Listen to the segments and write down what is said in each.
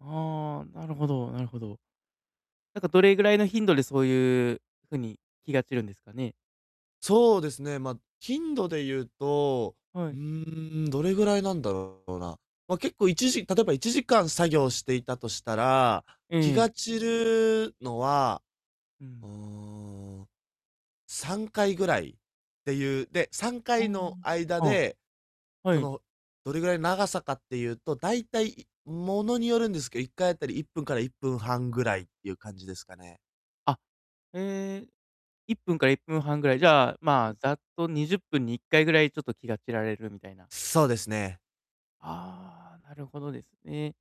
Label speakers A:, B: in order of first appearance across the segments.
A: ああ、なるほど、なるほど。なんかどれぐらいの頻度でそういう、風に気が散るんですかね？
B: そうですね、ま、頻度で言うと、
A: は
B: う
A: い。
B: ーん、どれぐらいなんだろうな。ま、結構1時例えば、1時間作業していたとしたら、
A: え
B: 気
A: え。
B: が散るのは、
A: うん。
B: うーん、3回ぐらいっていう、で、さんか
A: あ
B: いの間
A: あ、あ、
B: で、
A: は
B: そ
A: い。
B: の、どれぐらい長さかっていうと、大体、ものによるんですけど、1回当たり1分から1分半ぐらいっていう感じですかね。
A: あ、え、1分から1分半ぐらい、じゃあ、
B: う
A: ま、
B: ん。
A: ざっと20分に1回ぐらいちょっと気が散られるみたいな。
B: そうですね。
A: ああ、なるほどですね。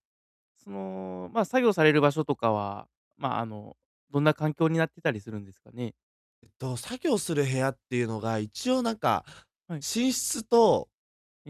A: その、ま、作業される場所とかは、ま、あの、どんな環境になってたりするんですかね？
B: えっと、作業する部屋っていうのが一応なんか、
A: はい。
B: 寝室と、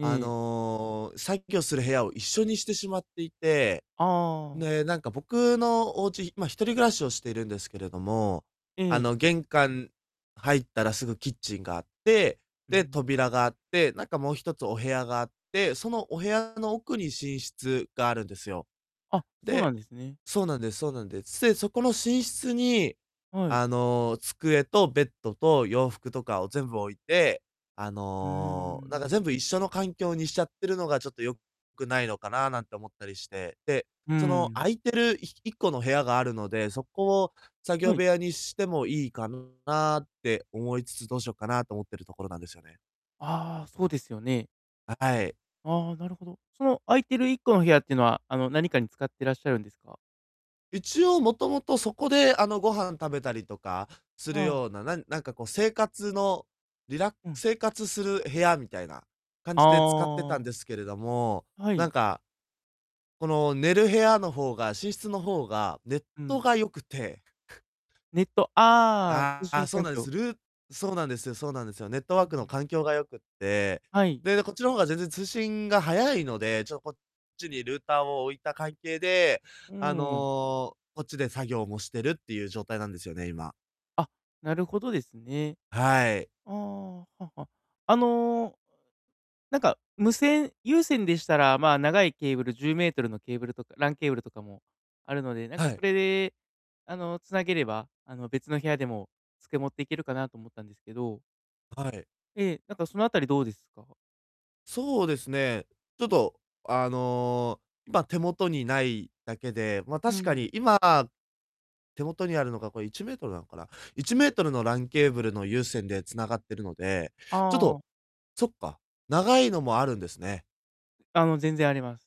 B: あ
A: え。
B: の、作業する部屋を一緒にしてしまっていて、
A: ああああ。
B: で、なんか僕のお家、ま、一人暮らしをしているんですけれども、
A: う
B: あ
A: ん。
B: の、玄関入ったらすぐキッチンがあって、
A: う
B: で、
A: ん。
B: 扉があって、なんかもう1つお部屋があって、そのお部屋の奥に寝室があるんですよ。
A: あ、
B: あ、
A: そうな
B: で
A: んですね。
B: そうなんですそうなんです。せ、そこの寝室に、
A: はい。
B: あの、机とベッドと洋服とかを全部置いて、あ
A: うー
B: の、なんか
A: ん。
B: 全部一緒の環境にしちゃってるのがちょっと、良くないのかななんて思ったりして。で、
A: う
B: その、
A: ん。
B: 空いてるい1個の部屋があるので、そこを作業
A: はい。
B: 部屋にしてもいいかなって思いつつ、どうしようかなと思ってるところなんですよね。
A: ああ、そうですよね。
B: あ、はい。
A: ああ、なるほど。その空いてる1個の部屋っていうのは、あの、何かに使ってらっしゃるんですか？
B: 一応もともとそこで、あの、ご飯食べたりとかす
A: う
B: る
A: ん。
B: ような、なんなんかこう生活の、リラッ
A: うん。
B: 生活する部屋みたいな、感
A: あ
B: じで使ってたん
A: あ。
B: ですけれども、
A: は
B: なん
A: い。
B: か、この寝る部屋の方が、寝室の方が、ネッ
A: う
B: ト
A: ん。
B: が良くて。
A: ネット、ああ、うしん
B: あ、そう
A: 環
B: なんで
A: 境。
B: す。ルそうなんですよそうなんですよ。ネット
A: う
B: ワ
A: んう
B: ークの
A: ん。
B: 環境が良くて、
A: はい。
B: で、こっちの方が全然通信が早いので、ちょこっちにルーターを置いた関係で、
A: う
B: あ
A: ん。
B: の、こっちで作業もしてるっていう状態なんですよね、今。
A: あ、なるほどですね。
B: はい。
A: ああ、はは、あの。なんか無線、有線でしたら、ま、長いケーブル、10mのケーブルとか、LAN ケーブルとかもあるので、なんか
B: は
A: そ
B: い。
A: れで、あの、つなげれば、あの、別の部屋でも机持っていけるかなと思ったんですけど。
B: はい。
A: ええ、なんかそのあたりどうですか？
B: そうですね。ちょっと、あの、ま、手元にないだけで、ま、
A: う
B: 確か
A: ん。
B: に今、手元にあるのがこれ1mなのかな、1mの LAN ケーブルの有線で繋がってるので、ちょっ
A: あ
B: と、
A: あ。
B: そっか、長いのもあるんですね。
A: あの、全然あります。